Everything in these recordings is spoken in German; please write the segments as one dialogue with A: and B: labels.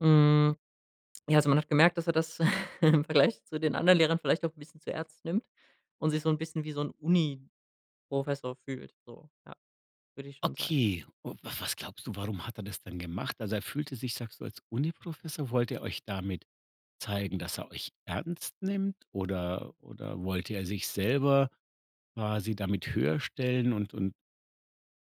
A: Mhm. Ja, also, man hat gemerkt, dass er das im Vergleich zu den anderen Lehrern vielleicht auch 'n bisschen zu ernst nimmt und sich so 'n bisschen wie so 'n Uniprofessor fühlt, so, ja, würde ich schon sagen.
B: Okay, u was was glaubst du, warum hat er das denn gemacht? Also, er fühlte sich, sagst du, als Uniprofessor, wollte er euch damit zeigen, dass er euch ernst nimmt oder oder wollte er sich selber quasi damit höher stellen und und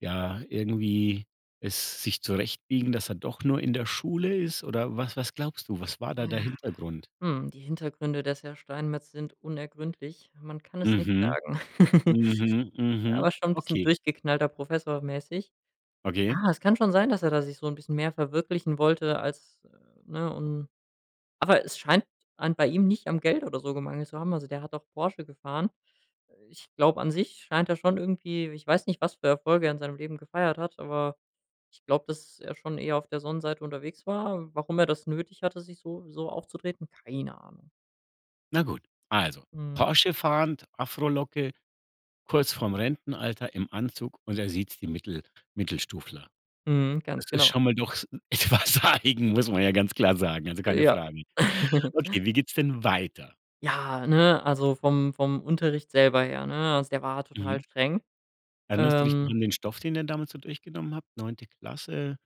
B: ja, irgendwie es sich zurechtbiegen, dass er doch nur in der Schule ist? Oder was was glaubst du, was war da der
A: Ja.
B: Hintergrund?
A: Hm, die Hintergründe des Herr Steinmertz sind unergründlich. Man kann es nicht
B: Mhm.
A: sagen.
B: Mhm. Mhm.
A: Aber schon bisschen
B: Okay.
A: durchgeknallter Professor mäßig.
B: Okay.
A: Ah, es kann schon sein, dass er da sich so 'n bisschen mehr verwirklichen wollte als, ne, und Aber es scheint an bei ihm nicht am Geld oder so gemangelt zu haben. Also, der hat auch Porsche gefahren. Ich glaube, an sich scheint er schon irgendwie ich weiß nicht, was für Erfolge er in seinem Leben gefeiert hat, aber ich glaube, dass er schon eher auf der Sonnenseite unterwegs war. Warum er das nötig hatte, sich so so aufzutreten? Keine Ahnung.
B: Na gut, also,
A: Mhm.
B: Porsche fahrend, Afrolocke, kurz vorm Rentenalter, im Anzug und er siezt die Mittel Mittelstufler.
A: Mhm,
B: Das
A: ganz
B: ist
A: genau.
B: schon mal doch s etwas eigen, muss man ja ganz klar sagen, also, keine
A: Ja.
B: Frage. Okay, wie geht's denn weiter?
A: Ja, ne, also vom vom Unterricht selber her, ne, also, der war total
B: Mhm.
A: streng,
B: Erinnerst du dich noch
A: ähm
B: an den Stoff, den ihr damals so durchgenommen habt? 9. Klasse.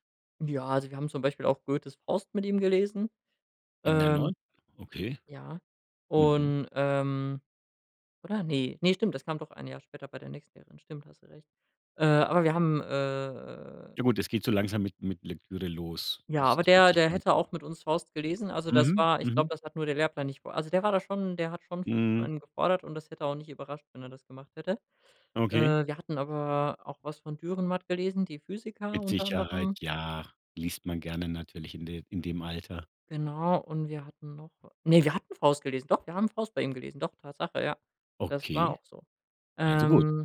A: Ja, also, wir haben zum Beispiel auch Goethes „Faust“ mit ihm gelesen,
B: In der
A: ähm
B: 9? Okay.
A: ja,
B: Mhm.
A: und, ähm oder ne, ne stimmt, das kam doch 1 Jahr später bei der nächsten Lehrerin, stimmt, hast du recht. Äh, aber wir haben, äh
B: Ja gut, es geht so langsam mit mit Lektüre los.
A: Ja,
B: Das
A: aber
B: ist mit
A: der der
B: Sicherheit
A: hätte auch mit uns „Faust“ gelesen, also, das
B: Mhm,
A: war ich glaube,
B: mhm.
A: das hat nur der Lehrplan nicht vor also, der war da schon der hat schon viel von
B: Mhm.
A: einem gefordert und das hätte auch nicht überrascht, wenn er das gemacht hätte.
B: Okay.
A: Äh, wir hatten aber auch was von Dürrenmatt gelesen, „die Physiker“
B: Mit
A: unter
B: Sicherheit,
A: anderem.
B: ja, liest man gerne natürlich in de in dem Alter.
A: Genau, und wir hatten noch ne, wir hatten „Faust“ gelesen. Doch, wir haben „Faust“ bei ihm gelesen. Doch, Tatsache, ja, das war
B: Okay,
A: auch so.
B: also, gut.
A: Ähm.